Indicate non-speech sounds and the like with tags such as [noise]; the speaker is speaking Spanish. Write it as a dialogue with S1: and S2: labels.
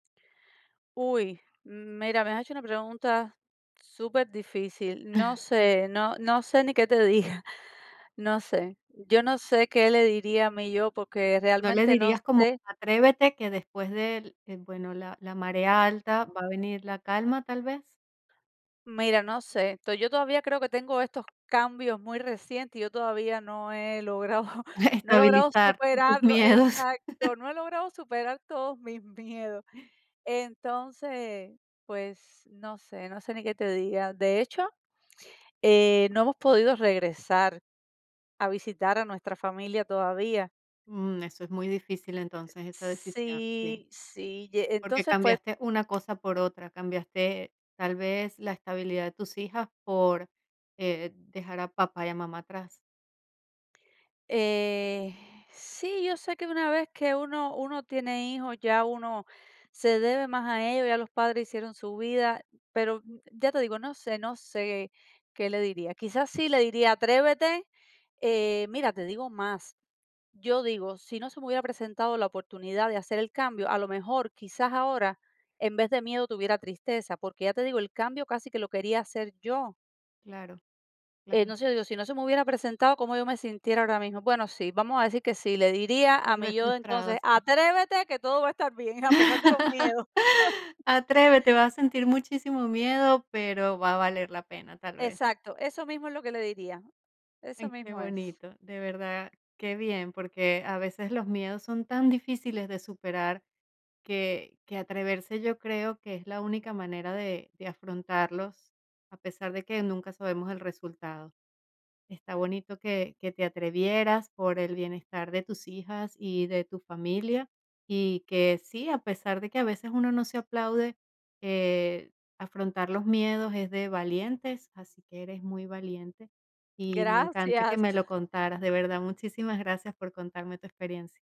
S1: Uy, mm, mira, me has hecho una pregunta superdifícil. No sé, no no sé ni qué te diga, no sé. Yo no sé qué le diría a mi yo, porque
S2: ¿No le
S1: realmente no
S2: dirías como,
S1: sé
S2: atrévete, que después del eh, bueno, la la marea alta, va a venir la calma, tal vez?
S1: Mira, no sé, to yo todavía creo que tengo estos cambios muy recientes y yo todavía no he logrado [chuckles]
S2: [chuckles]
S1: no he logrado
S2: Estabilizar tus
S1: superarlo.
S2: miedos.
S1: Exacto, no he logrado superar todos mis miedos.
S2: [gasps]
S1: Entonces, pues, no sé, no sé ni qué te diga. De hecho, eh, no hemos podido regresar a visitar a nuestra familia todavía.
S2: Mm, eso es muy difícil, entonces, esa decisión, sí.
S1: Sí, sí. Ye
S2: Porque
S1: entonces, fue
S2: cambiaste una cosa por otra, cambiaste, tal vez, la estabilidad de tus hijas por, eh, dejar a papá y a mamá atrás.
S1: Eh, sí, yo sé que una vez que uno uno tiene hijos, ya uno se debe más a ellos, ya los padres hicieron su vida, pero, ya te digo, no sé, no sé qué le diría. Quizás sí le diría: "Atrévete". Eh, mira, te digo más, yo digo, si no se me hubiera presentado la oportunidad de hacer el cambio, a lo mejor, quizás ahora, en vez de miedo tuviera tristeza, porque ya te digo, el cambio casi que lo quería hacer yo.
S2: Claro,
S1: Eh,
S2: claro.
S1: no sé, digo, si no se me hubiera presentado, ¿cómo yo me sintiera ahora mismo? Bueno, sí, vamos a decir que sí, le diría a
S2: Tal vez,
S1: mi yo de
S2: frustrados.
S1: entonces:
S2: Sí.
S1: "Atrévete, que todo va a estar bien, a pesar de los miedos".
S2: [laughs]
S1: [chuckles]
S2: Atrévete, vas a sentir muchísimo miedo, pero va a valer la pena, tal vez.
S1: Exacto, eso mismo es lo que le diría, eso
S2: Ay, qué
S1: mismo es.
S2: bonito, de verdad. Qué bien, porque a veces los miedos son tan difíciles de superar, que que atreverse, yo creo que es la única manera de de afrontarlos, a pesar de que nunca sabemos el resultado. Está bonito que que te atrevieras por el bienestar de tus hijas y de tu familia, y que sí, a pesar de que a veces uno no se aplaude, eh, afrontar los miedos es de valientes, así que eres muy valiente, y me encanta que
S1: Gracias.
S2: me lo contaras. De verdad, muchísimas gracias por contarme tu experiencia.